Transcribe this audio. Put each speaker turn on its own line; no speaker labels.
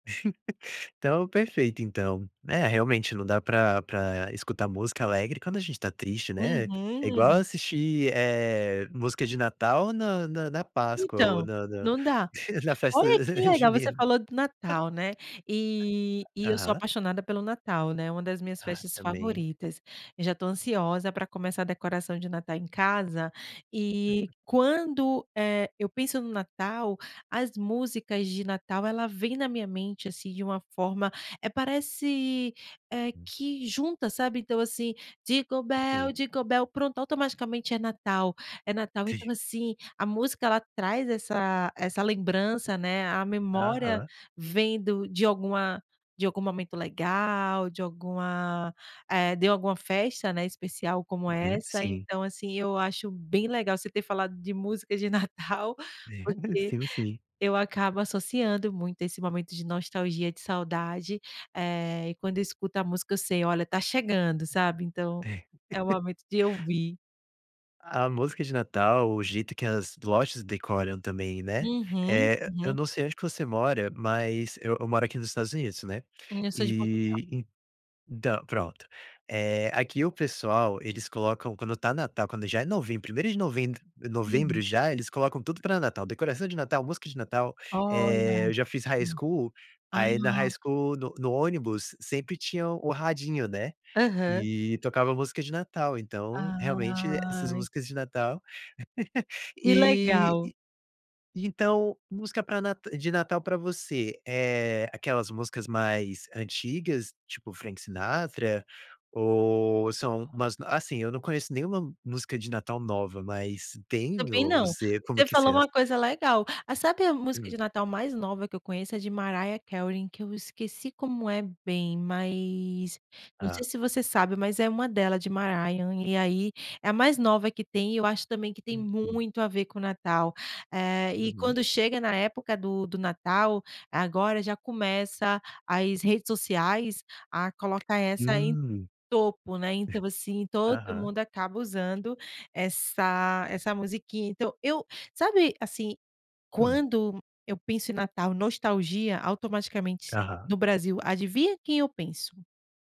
Então, perfeito então. É realmente não dá pra pra escutar música alegre quando a gente está triste, né. É igual
Uhum.
assistir, eh, música de Natal na na na Páscoa ou
Então,
na na
não dá.
na festa,
Olha que
eh,
legal! Você
Junina.
falou do Natal, né. E e eu sou
Aham.
apaixonada pelo Natal, né, uma das minhas
Ah,
festas
também.
favoritas. Eu já tô ansiosa pra começar a decoração de Natal em casa, e
[unintelligible]
quando, eh, eu penso no Natal as músicas de Natal, ela vem na minha mente, assim, de uma forma, eh, parece, eh,
Hum.
que junta, sabe. Então assim, dingo
Sim.
bell, dingo bell. Pronto, automaticamente é Natal. É Natal, então assim, a música ela traz essa essa lembrança né, a memória
Aham.
vem do de alguma de algum momento legal, de alguma, eh, de alguma festa né, especial como
Uhum,
essa.
sim.
Então assim, eu acho bem legal você ter falado de músicas de Natal, porque
Sim, o Sim.
eu acabo associando muito esse momento de nostalgia, de saudade, eh, e quando eu escuto a música, eu sei: "Olha, tá chegando", sabe, Então
É.
é o momento de ouvir.
A música de Natal, o jeito que as lojas decoram também, né.
Uhum,
Eh eh, eu
uhum.
não sei onde que você mora, mas eu eu moro aqui nos Estados Unidos, né.
Hum, eu sou de Portugal.
E então, pronto. Eh, aqui o pessoal, eles colocam quando tá Natal, quando já é novembro, 1º de
Uhum.
novembro, já, eles colocam tudo pra Natal, decoração de Natal, música de Natal,
Olha.
eh, eu já fiz high
Hã.
school aí na high
Ah!
school, no no ônibus sempre tinha o rapidinho, né,
Aham.
e tocava música de Natal. Então, realmente essas
Ai!
músicas de Natal
Que
E
legal!
e então música pra Nata de Natal pra você, eh, aquelas músicas mais antigas, tipo Frank Sinatra? Ou são umas assim, eu não conheço nenhuma música de Natal nova, mas tem?
Também
Ou
não.
você como
Você
que você
falou
é?
uma coisa legal. Ah, sabe a música
Hum.
de Natal mais nova que eu conheço, é de Mariah Carey que eu esqueci como é bem, mas não sei
Ah.
se você sabe, mas é uma dela, de Mariah e aí, é a mais nova que tem e eu acho também que tem
Uhum.
muito a ver com o Natal. Eh, e
Uhum.
quando chega na época do do Natal agora já começa as redes sociais a colocar essa
Hum.
em topo, né. Então, assim, todo
Aham.
mundo acaba usando essa essa musiquinha. Então, eu sabe assim,
Hum.
quando eu penso em Natal nostalgia automaticamente
Aham.
no Brasil, adivinha quem eu penso?